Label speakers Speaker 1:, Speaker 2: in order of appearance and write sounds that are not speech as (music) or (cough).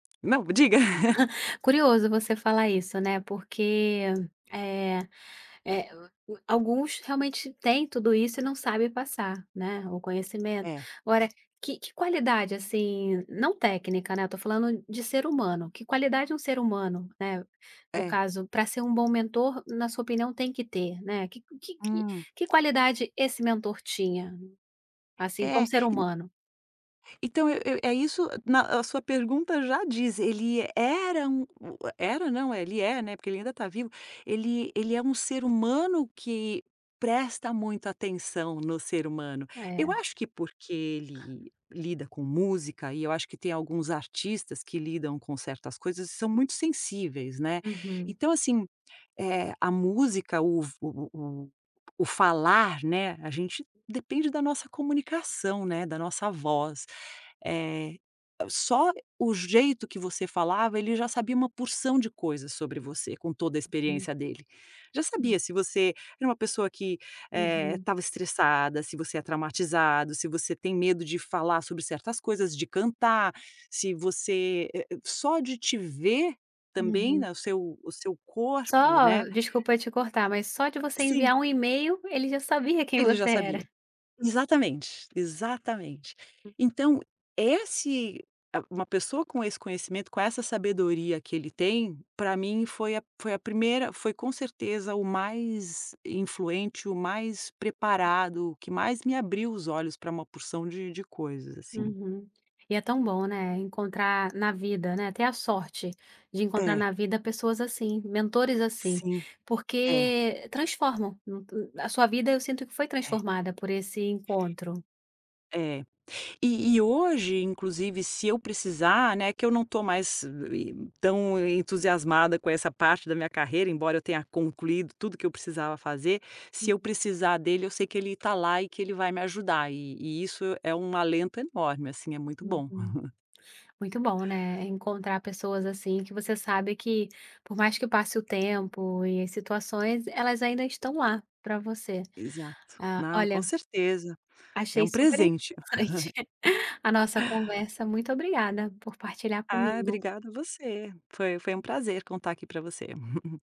Speaker 1: Não, diga. (laughs)
Speaker 2: (laughs) Curioso você falar isso, né, porque, eh eh, a a alguns realmente têm tudo isso e não sabem passar, né, o conhecimento.
Speaker 1: É.
Speaker 2: Agora que que qualidade, assim, não técnica, né, eu estou falando de ser humano, que qualidade um ser humano, né, no
Speaker 1: É.
Speaker 2: caso, pra ser um bom mentor, na sua opinião, tem que ter, né, que que que
Speaker 1: Hum.
Speaker 2: que qualidade esse mentor tinha? Assim,
Speaker 1: É,
Speaker 2: como ser
Speaker 1: e n
Speaker 2: humano.
Speaker 1: Então eu eu é isso na a sua pergunta já diz, ele era um u é era não, ele é, né, porque ele ainda está vivo, ele ele é um ser humano que presta muita atenção no ser humano. Eu
Speaker 2: É.
Speaker 1: acho que porque ele lida com música, e eu acho que tem alguns artistas que lidam com certas coisas e são muito sensíveis, né,
Speaker 2: Uhum.
Speaker 1: então assim, eh, a música, o f o o o o falar, né, a gente depende da nossa comunicação, né, da nossa voz. Eh, só o jeito que você falava, ele já sabia uma porção de coisas sobre você, com toda a
Speaker 2: Hum.
Speaker 1: experiência dele. Já
Speaker 2: Hum.
Speaker 1: sabia se você era uma pessoa que, eh,
Speaker 2: Uhum.
Speaker 1: estava estressada, se você é traumatizado, se você tem medo de falar sobre certas coisas, de cantar, se você, eh eh, só de te ver, também,
Speaker 2: Uhum.
Speaker 1: né, o seu o seu
Speaker 2: Só,
Speaker 1: corpo, né
Speaker 2: desculpa te cortar, mas só de você
Speaker 1: Sim.
Speaker 2: enviar um email, ele já sabia quem
Speaker 1: Ele já
Speaker 2: você era.
Speaker 1: sabia. Exatamente, exatamente. Então esse, ah, uma pessoa com esse conhecimento, com essa sabedoria que ele tem, pra mim foi a foi a primeira foi com certeza o mais influente, o mais preparado, o que mais me abriu os olhos pra uma porção de de coisas, assim.
Speaker 2: Uhum. E é tão bom, né, encontrar na vida, né, ter a sorte de encontrar
Speaker 1: É.
Speaker 2: na vida pessoas assim, mentores assim,
Speaker 1: Sim. É.
Speaker 2: porque transformam a sua vida, eu sinto que foi
Speaker 1: É.
Speaker 2: transformada por esse encontro.
Speaker 1: É. E e hoje, inclusive, se eu precisar, né, que eu não estou mais tão entusiasmada com essa parte da minha carreira, embora eu tenha concluído tudo o que eu precisava fazer, se eu
Speaker 2: Uhum.
Speaker 1: precisar dele, eu sei que ele está lá e que ele vai me ajudar, e e isso é um alento enorme, assim, é muito bom.
Speaker 2: Uhum.
Speaker 1: (chuckles)
Speaker 2: Muito bom, né, encontrar pessoas assim, que você sabe que, por mais que passe o tempo, e situações, elas ainda estão lá pra você.
Speaker 1: Exato.
Speaker 2: Ah,
Speaker 1: Não,
Speaker 2: olha
Speaker 1: com certeza. É
Speaker 2: achei
Speaker 1: um
Speaker 2: super
Speaker 1: presente. (laughs)
Speaker 2: interessante (chuckles) a nossa conversa. Muito obrigada por partilhar
Speaker 1: Ah,
Speaker 2: comigo.
Speaker 1: obrigada você. Foi foi um prazer contar aqui pra você. (chuckles)